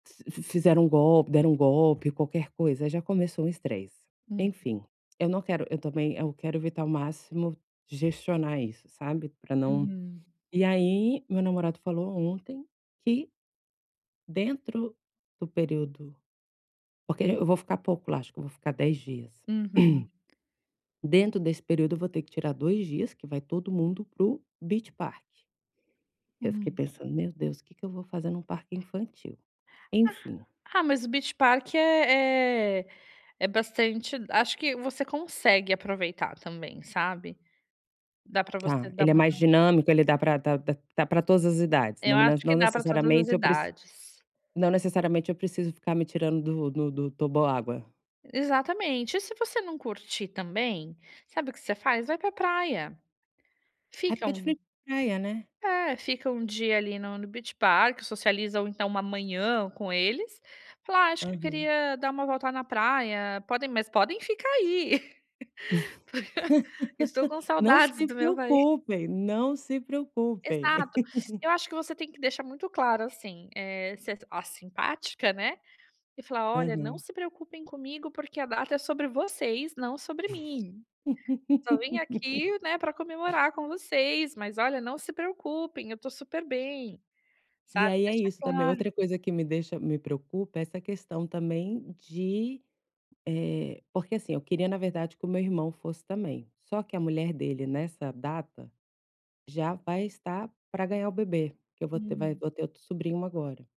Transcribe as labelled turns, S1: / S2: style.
S1: Fiz fizeram um golpe deram um golpe, qualquer coisa já começou um estresse.
S2: Hum.
S1: Enfim, eu não quero eu também eu quero evitar ao máximo, gestionar isso, sabe. Para não
S2: Uhum.
S1: e aí meu namorado falou ontem, que dentro do período porque eu vou ficar pouco lá, acho que eu vou ficar 10 dias.
S2: Uhum.
S1: Dentro desse período eu vou ter que tirar 2 dias que vai todo mundo para o Beach Park. Porque eu fiquei
S2: Hum.
S1: pensando: "Meu Deus, que que eu vou fazer em um parque infantil?" Enfim.
S2: Ah ah, mas o Beach Park é é é bastante acho que você consegue aproveitar também, sabe. Dá para você
S1: Tá.
S2: dar
S1: Ele é
S2: uma
S1: mais
S2: rela
S1: dinâmico, ele dá para dá dá dá para todas as idades? Não
S2: Eu
S1: me
S2: acho que
S1: não
S2: dá para todas as
S1: necessariamente eu preci
S2: idades.
S1: não necessariamente eu preciso ficar me tirando do do do toboágua.
S2: Exatamente. E se você não curtir também, sabe o que você faz? Vai para praia.
S1: É
S2: Fica
S1: porque é de
S2: um
S1: frente pra praia, né.
S2: É, fica um dia ali no no Beach Park, socializam então uma manhã com eles, falar: "Ah, acho que eu
S1: Aham.
S2: queria dar uma volta na praia, podem mas podem ficar aí". Estou com
S1: Não
S2: saudades
S1: se
S2: do meu país.
S1: preocupem, não se preocupem.
S2: Exato. Eu acho que você tem que deixar muito claro, assim, eh, ser a simpática né, e falar: "Olha, não
S1: Aham.
S2: se preocupem comigo, porque a data é sobre vocês, não sobre mim. Só vim aqui, né, para comemorar com vocês. Mas olha, não se preocupem, eu estou super bem".
S1: E
S2: Sabe,
S1: aí é
S2: deixa
S1: isso, também, outra
S2: claro.
S1: coisa que me deixa me preocupa, é essa questão também de eh, porque, assim, eu queria na verdade que o meu irmão fosse também, só que a mulher dele nessa data já vai estar para ganhar o bebê, que eu vou ter vai
S2: Hum.
S1: vou ter outro sobrinho agora.